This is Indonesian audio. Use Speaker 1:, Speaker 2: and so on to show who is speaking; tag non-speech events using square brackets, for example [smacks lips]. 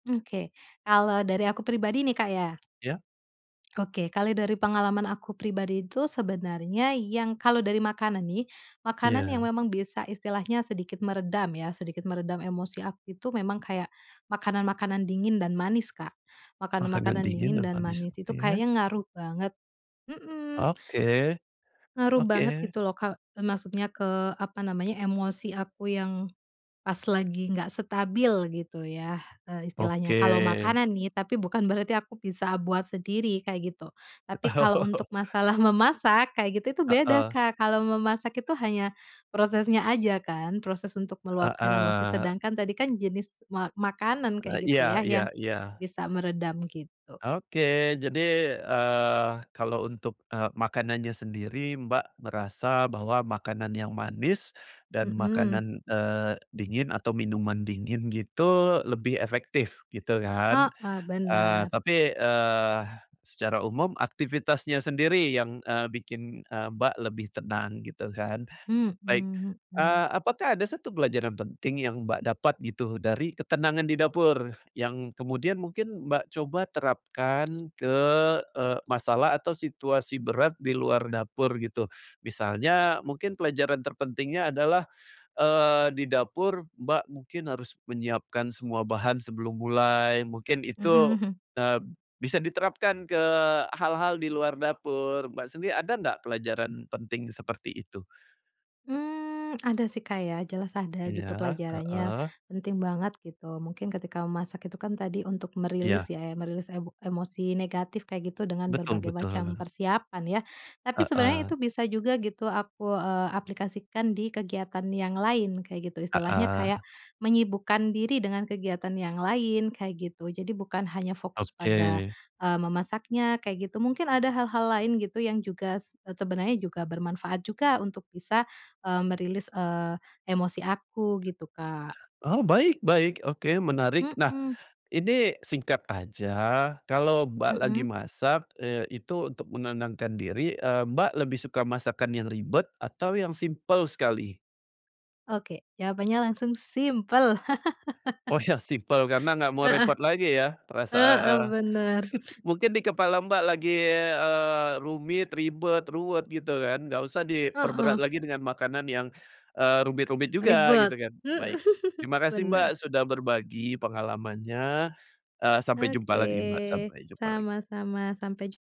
Speaker 1: Oke. Kalau dari aku pribadi nih, Kak, ya?
Speaker 2: Iya?
Speaker 1: [smacks lips] Oke, kali dari pengalaman aku pribadi itu sebenarnya yang kalau dari makanan nih, makanan yang
Speaker 2: Iya.
Speaker 1: memang bisa istilahnya sedikit meredam ya sedikit meredam emosi aku itu memang kayak makanan-makanan dingin dan manis, Kak. Makanan
Speaker 2: Makanan
Speaker 1: makanan
Speaker 2: dingin
Speaker 1: dingin
Speaker 2: yang
Speaker 1: dan
Speaker 2: manis.
Speaker 1: manis itu
Speaker 2: Iya?
Speaker 1: kayaknya ngaruh banget, mhm.
Speaker 2: Oke,
Speaker 1: Ngaruh banget
Speaker 2: oke.
Speaker 1: gitu loh, Kak, maksudnya ke, apa namanya, emosi aku yang pas lagi enggak stabil gitu ya. Eee,
Speaker 2: Oke.
Speaker 1: istilahnya kalau makanan nih, tapi bukan berarti aku bisa buat sendiri, kayak gitu. Tapi kalau untuk
Speaker 2: [chuckles]
Speaker 1: masalah memasak kayak gitu itu beda,
Speaker 2: Heeh.
Speaker 1: Kak. Kalau memasak itu hanya prosesnya aja kan, proses untuk meluapkan emosi.
Speaker 2: Heeh.
Speaker 1: Sedangkan tadi kan jenis ma makanan
Speaker 2: E
Speaker 1: kayak gitu
Speaker 2: iya
Speaker 1: ya,
Speaker 2: iya
Speaker 1: yang
Speaker 2: iya.
Speaker 1: bisa meredam gitu.
Speaker 2: Oke, jadi, eee, kalau untuk, eee, makanannya sendiri Mbak merasa bahwa makanan yang manis dan
Speaker 1: Mhm.
Speaker 2: makanan, eee, dingin atau minuman dingin gitu lebih efektif gitu kan.
Speaker 1: Heeh,
Speaker 2: Eee,
Speaker 1: bener.
Speaker 2: tapi, eee, secara umum aktivitasnya sendiri yang, eee, bikin, eee, Mbak lebih tenang gitu kan.
Speaker 1: Mhm
Speaker 2: Baik,
Speaker 1: mhm.
Speaker 2: eee, apakah ada satu pelajaran penting yang, Mbak, dapat gitu dari ketenangan di dapur yang kemudian mungkin, Mbak, coba terapkan ke, eee, masalah atau situasi berat di luar dapur gitu? Misalnya mungkin pelajaran terpentingnya adalah, eee, di dapur Mbak mungkin harus menyiapkan semua bahan sebelum mulai. Mungkin
Speaker 1: Mhm,
Speaker 2: itu,
Speaker 1: hmm.
Speaker 2: eee, bisa diterapkan ke hal-hal di luar dapur. Mbak sendiri ada nggak pelajaran penting seperti itu?
Speaker 1: Mmm, ada sih, Kak. Ya jelas ada gitu
Speaker 2: Iya,
Speaker 1: pelajarannya,
Speaker 2: heeh.
Speaker 1: penting banget gitu. Mungkin ketika memasak itu kan tadi untuk merilis
Speaker 2: Iya.
Speaker 1: ya, merilis emo emosi negatif kayak gitu dengan
Speaker 2: Betul
Speaker 1: berbagai macam
Speaker 2: betul.
Speaker 1: persiapan ya. Tapi sebenarnya
Speaker 2: Heeh.
Speaker 1: itu bisa juga gitu aku, eee, aplikasikan di kegiatan yang lain kayak gitu. Istilahnya kayak
Speaker 2: Heeh.
Speaker 1: menyibukkan diri dengan kegiatan yang lain, kayak gitu. Jadi bukan hanya fokus pada,
Speaker 2: Oke.
Speaker 1: eee, memasaknya kayak gitu. Mungkin ada hal-hal lain gitu yang juga s sebenarnya juga bermanfaat juga untuk bisa, eee, merilis, eee, emosi aku gitu, Kak.
Speaker 2: Oh, baik baik, oke menarik. Nah
Speaker 1: Mhm.
Speaker 2: ini singkat aja, kalau Mbak lagi
Speaker 1: Mhm.
Speaker 2: masak, eee, itu untuk menenangkan diri, eee, Mbak lebih suka masakan yang ribet atau yang simpel sekali?
Speaker 1: Oke, jawabannya langsung simpel. [laughs]
Speaker 2: Oh yang simpel karena enggak mau
Speaker 1: Heeh.
Speaker 2: repot lagi ya. Perasa
Speaker 1: Heeh,
Speaker 2: eee,
Speaker 1: bener.
Speaker 2: [chuckles] mungkin dikepala Mbak lagi, eee, rumit, ribet, ruwet gitu kan enggak usah diperberat
Speaker 1: Heeh.
Speaker 2: lagi dengan makanan yang, eee, rumit-rumit juga gitu
Speaker 1: Ribet,
Speaker 2: kan,
Speaker 1: mhm,
Speaker 2: baik. Terima kasih, Mbak,
Speaker 1: bener.
Speaker 2: sudah berbagi pengalamannya, eee, sampai jumpa lagi Mbak,
Speaker 1: Oke,
Speaker 2: sampai jumpa lagi.
Speaker 1: sama-sama sampai jum